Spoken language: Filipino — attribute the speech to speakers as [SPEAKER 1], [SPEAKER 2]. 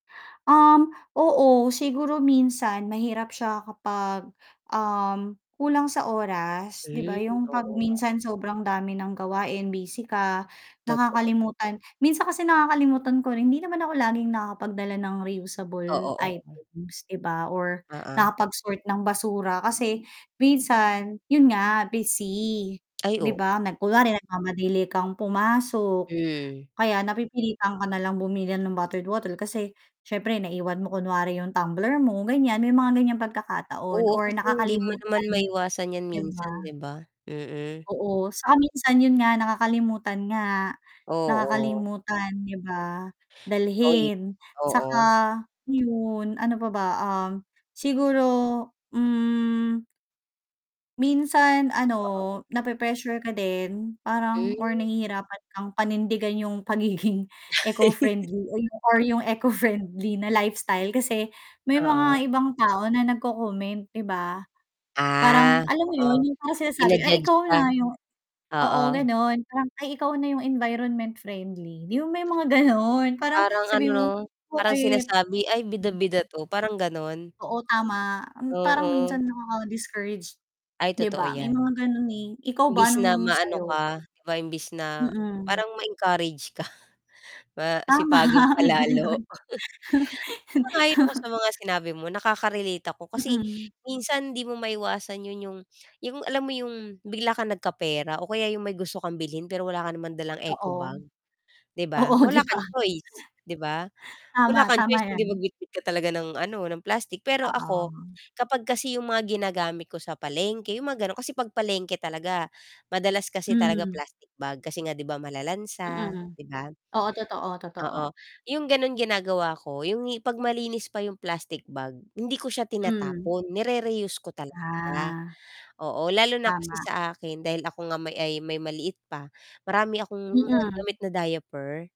[SPEAKER 1] Um, oo siguro minsan mahirap siya kapag, um, kulang sa oras 'di ba
[SPEAKER 2] Mm,
[SPEAKER 1] 'yong 'pag
[SPEAKER 2] oo nga.
[SPEAKER 1] minsan sobrang dami ng gawain busy ka
[SPEAKER 2] Totoo.
[SPEAKER 1] nakakalimutan, minsan kasi nakakalimutan ko rin hindi naman ako laging nakakapagdala ng reusable
[SPEAKER 2] Oo, oo.
[SPEAKER 1] items, 'di ba or
[SPEAKER 2] Oo.
[SPEAKER 1] nakapag-sort ng basura kasi minsan 'yon nga busy,
[SPEAKER 2] Ay
[SPEAKER 1] 'di
[SPEAKER 2] o
[SPEAKER 1] ba? Kunwari nagmamadali kang pumasok
[SPEAKER 2] Mm.
[SPEAKER 1] kaya napipilitan ka nalang bumili ng bottled water kasi siyempre naiwan mo kunwari 'yong tumbler mo ganyan may mga ganyang pagkakataon
[SPEAKER 2] Oo,
[SPEAKER 1] or
[SPEAKER 2] kasi hindi mo naman
[SPEAKER 1] nakakalimutan
[SPEAKER 2] maiwasan 'yan
[SPEAKER 1] di ba?
[SPEAKER 2] minsan 'di ba? Mm.
[SPEAKER 1] Oo, saka minsan 'yon nga nakakalimutan nga,
[SPEAKER 2] Oo.
[SPEAKER 1] nakakalimutan 'di ba? Dalhin saka
[SPEAKER 2] Oo.
[SPEAKER 1] 'yon, ano pa ba um, siguro, mm Minsan, ano,
[SPEAKER 2] Oo.
[SPEAKER 1] na pre-pressure ka din parang or
[SPEAKER 2] Mm.
[SPEAKER 1] nahihirapan kang panindigan 'yong pagiging eco-friendly or 'yong eco-friendly na lifestyle kasi may
[SPEAKER 2] Oo.
[SPEAKER 1] mga ibang tao na nag-co-comment, 'di ba, parang
[SPEAKER 2] Ah,
[SPEAKER 1] alam mo
[SPEAKER 2] oo,
[SPEAKER 1] 'yon 'yong parang sinasabi "Ay
[SPEAKER 2] jina-judge
[SPEAKER 1] ikaw
[SPEAKER 2] ka.
[SPEAKER 1] na, 'yong" oo,
[SPEAKER 2] Oo.
[SPEAKER 1] ganon parang, "Ay ikaw na 'yong environment friendly." 'Di mo may mga gano'n parang
[SPEAKER 2] Parang
[SPEAKER 1] sabihin mo.
[SPEAKER 2] ano parang
[SPEAKER 1] Bakit?
[SPEAKER 2] sinasabi ay bida-bida 'to parang gano'n.
[SPEAKER 1] Oo tama, mm, parang
[SPEAKER 2] Oo.
[SPEAKER 1] minsan nakaka-discourage,
[SPEAKER 2] Ay
[SPEAKER 1] 'di
[SPEAKER 2] totoo
[SPEAKER 1] ba may mga
[SPEAKER 2] 'yan.
[SPEAKER 1] gano'n eh, ikaw ba,
[SPEAKER 2] Imbis na
[SPEAKER 1] anong
[SPEAKER 2] maano
[SPEAKER 1] sa'yo?
[SPEAKER 2] ka, di ba, imbis na
[SPEAKER 1] Mm.
[SPEAKER 2] parang ma-encourage ka, ma
[SPEAKER 1] Tama,
[SPEAKER 2] sipagin pa
[SPEAKER 1] ay gano'n.
[SPEAKER 2] lalo. Sang-ayon ako sa mga sinabi mo nakaka-relate ako, kasi
[SPEAKER 1] Mm.
[SPEAKER 2] minsan hindi mo maiwasan 'yon 'yong 'yong alam mo 'yong bigla kang nagkapera o kaya 'yong may gusto kang bilhin pero wala ka naman dalang eco
[SPEAKER 1] Oo.
[SPEAKER 2] bag, 'di
[SPEAKER 1] Oo,
[SPEAKER 2] ba,
[SPEAKER 1] di
[SPEAKER 2] wala kang
[SPEAKER 1] ba?
[SPEAKER 2] choice 'di ba wala
[SPEAKER 1] Tama,
[SPEAKER 2] kang choice
[SPEAKER 1] tama
[SPEAKER 2] kundi
[SPEAKER 1] 'yan.
[SPEAKER 2] magbitbit ka talaga ng ano ng plastic pero ako
[SPEAKER 1] Oo.
[SPEAKER 2] kapag kasi 'yong mga ginagamit ko sa palengke, 'yong mga gano'n, kasi 'pag palengke talaga madalas kasi talaga
[SPEAKER 1] Mm.
[SPEAKER 2] plastic bag kasi nga 'di ba malalansa,
[SPEAKER 1] Mm,
[SPEAKER 2] di ba?
[SPEAKER 1] oo, totoo, totoo.
[SPEAKER 2] Oo 'yong gano'n ginagawa ko 'yong 'pag malinis pa 'yong plastic bag hindi ko siya
[SPEAKER 1] Mm.
[SPEAKER 2] tinatapon ni-re-reuse ko talaga,
[SPEAKER 1] Ah.
[SPEAKER 2] oo lalo na kasi
[SPEAKER 1] Tama.
[SPEAKER 2] sa akin dahil ako nga ay may maliit pa marami akong mga
[SPEAKER 1] Mhm.
[SPEAKER 2] gamit na diaper.